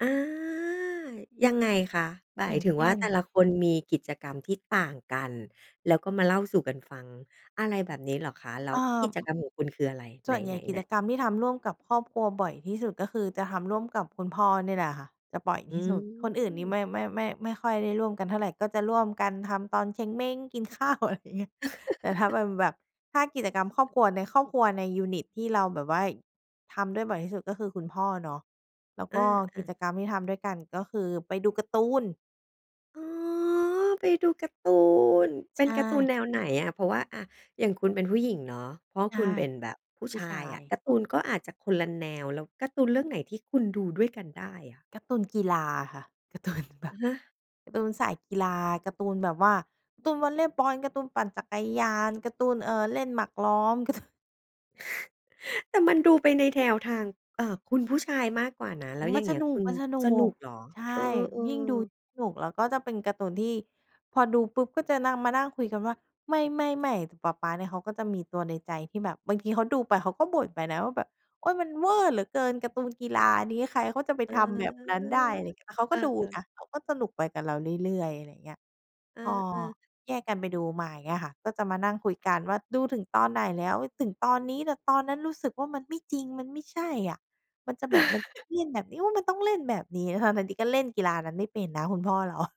อา ยังไงคะ? หมาอยย่างถึงเชว่่า น แต่ละคนมีกิจกรรมที่ต่างกัน แล้วก็มาเล่าสู่กันฟัง อะไรแบบนี้เหรอคะ? แล้เอว่กอ ิจกรรมของคุณคืออะไร? ไสห่วนใหญน ่กิๆ จๆ กรรมที่ทำร่วมกับครอบครัวบ่อยที่สุด ก็คือจะทำร่วมกับคุณพ่อเนี่ยแหละค่ะ จะบ่อยอืที่สุด คนอื่นนี่ม ไม่ ไม่ ไม่ ไม่ค่อยได้ร่วมกันเท่าไร ก็จะร่วมกันทำตอนเช็งเม้ง กิน ข้าว อะไรอย่างเงี้ย แต่ถ้าเป็นแบบ ถ้ากิจกรรมครอบครัว ในครอบครัว ในยูนิตที่เราแบบว่าทำด้วยบ่อยที่สุด ก็คือคุณพ่อเนาะ แล้วอก็กา ิๆ จกรรมที่ทำด้วยกันก็คือไปดูการ์ตูน อ๋อ ไปดูการ์ตูน เป็ใชนการ์ตูน่ แนวไหนอะ เพราะว่า อ่า อย่างคุณเป็นผู้หญิงเนาะ พ่อใชค่ ุณเป็นแบบผู้ผูช้ชาายอะ ย การ์ตูนก็อาจจะคนละแนว แล้วการ์ตูนเรื่องไหนที่คุณดูด้วยกันได้อะ? การ์ตูนกีฬาค่ะ การ์ตูนแบอบ ะฮะ การ์ตูนสายกีฬา การ์ตูนแบบว่า การ์ตูนวอลเลย์บอล การ์ตูนปั่นจักรยาน การ์ตูน เอ่อ เล่นหมากล้อม การ์ตูน แต่มันดูไปในแนว ทาง เอ่อ คุณผู้ชายมากกว่านะ แล้วอมัย่นางเงสี้ยนุคก ุณมันสนุสนก ุกเหรอ? ใช่ เออ ยิ่งดู ๆ สนุก แล้วก็จะเป็นการ์ตูนที่ พอดูปุ๊บ ก็จะนั่ง มานั่งคุยกันว่า ไม่ ๆ ๆ ปะป๊าเนี่ยเขาก็จะมีตัวในใจที่แบบ บางทีเขาดูไปเขาก็บ่นไปนะว่าแบบ โอ๊ย มันเว่อร์เหลือเกินการ์ตูนกีฬานี้ ใครเขาจะไปเออ ทำแบบนั้นได้ อะไรเงี้ย แต่เขาเอก็ดูอ นๆ ะ เขาก็สนุกไปกับเราเรื่อย ๆ อะไรอย่างเงี้ย เอพออ ๆ แยกกันไปดูมาอย่างเงี้ยค่ะ ก็จะมานั่งคุยกันว่าดูถึงตอนไหนแล้ว ถึงตอนนี้ แต่ตอนนั้นรู้สึกว่า มันไม่จริง มันไม่ใช่อะ มันจะแบบมันต้องเล่นแบบนี้ โอ้ มันต้องเล่นแบบนี้ ทั้ง ๆ ที่ก็เล่นกีฬานั้นไม่เป็นนะคุณพ่อ เรา